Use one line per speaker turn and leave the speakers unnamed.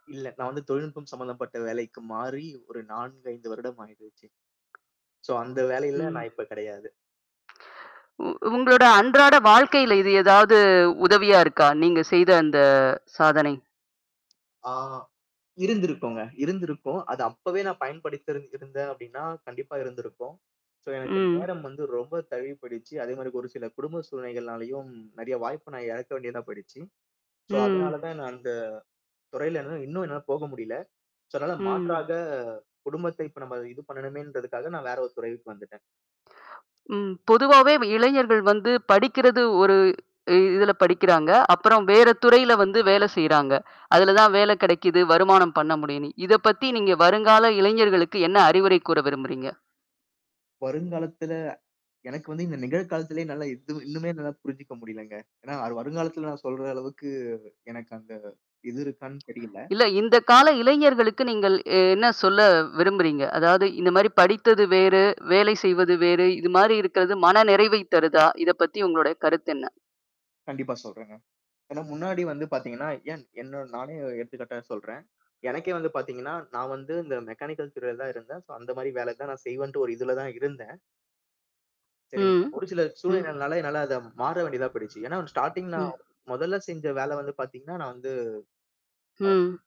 இல்ல. நான் வந்து தொழில்நுட்பம் சம்மந்தப்பட்ட வேலைக்கு மாறி ஒரு 4, 5 வருடம் ஆயிடுச்சு. சோ அந்த வேலையில
ம்.
நான் இப்ப கிடையாது.
உ உங்களோட அன்றாட வாழ்க்கையில இது ஏதாவது உதவியா இருக்கா? நீங்க செய்த அந்த சாதனை?
ஆ. இருந்திருக்குங்க. இருந்திருக்கும். அது அப்பவே நான் பயன்படுத்திரு இருந்தேன் அப்படின்னா கண்டிப்பா இருந்திருக்கும். சோ எனக்கு
ம்.
நேரம் வந்து ரொம்ப தழுவி போயிடுச்சி. அதே மாரி ஒரு சில குடும்ப சூழ்நிலைகள்னாலயும் நெறைய வாய்ப்பு நான் எழக்க வேண்டியதா போய்டுச்சு. சோ
ம்.
அதனால தான் நான் அந்த துறையில என்னால இன்னும் என்னால போக முடியல. சோ அதனால
ம்.
மாற்றாக குடும்பத்தை இப்ப நம்ம இது பண்ணணுமேன்றதுக்காக நான் வேற ஒரு துறைக்கு வந்துட்டன்.
ம். பொதுவாவே வ இளைஞர்கள் வந்து படிக்கிறது ஒரு இதுல படிக்கிறாங்க. அப்புறம் வேற துறையில வந்து வேலை செய்றாங்க. அதுல தான் வேலை கிடைக்குது, வருமானம் பண்ண முடியும்னு. இத பத்தி நீங்க வருங்கால இளைஞர்களுக்கு என்ன அறிவுரை கூற விரும்புறீங்க?
வருங்காலத்துல எனக்கு வந்து இந்த நிகழ காலத்திலேயே நல்லா இது இன்னுமே நல்லா புரிஞ்சுக்க முடியலங்க. ஏன்னா, அது வருங்காலத்தில நான் சொல்ற அளவுக்கு எனக்கு அந்த இது இருக்கான்னு தெரியல.
இல்ல இந்த கால இளைஞர்களுக்கு நீங்கள் அ என்ன சொல்ல விரும்புறீங்க? அதாவது இந்த மாரி படித்தது வேறு, வேலை செய்வது வேறு, இது மாரி இருக்கிறது மனநிறைவை தருதா? இத பத்தி உங்களுடைய கருத்து என்ன?
கண்டிப்பா சொல்றங்க. ஏனா முன்னாடி வந்து பாத்தீங்கன்னா, ஏன் என்ன நானே எடுத்துக்காட்டா சொல்றேன். எனக்கே வந்து பாத்தீங்கன்னா, நான் வந்து இந்த மெக்கானிக்கல் துறைல தான் இருந்தன். சோ அந்த மாரி வேலை தான் நான் செய்வேன் ஒரு இதுல தான் இருந்தன். சரிங்க.
ம்.
ஒரு சில
ம்.
சூழ்நிலைனால என்னால அத மாற வேண்டியதா போயிடுச்சு. ஏன்னா ஸ்டார்ட்டிங் நான்
ம்.
முதல்ல செஞ்ச வேல வந்து பாத்தீங்கன்னா, நான் வந்து ஆ
ம்.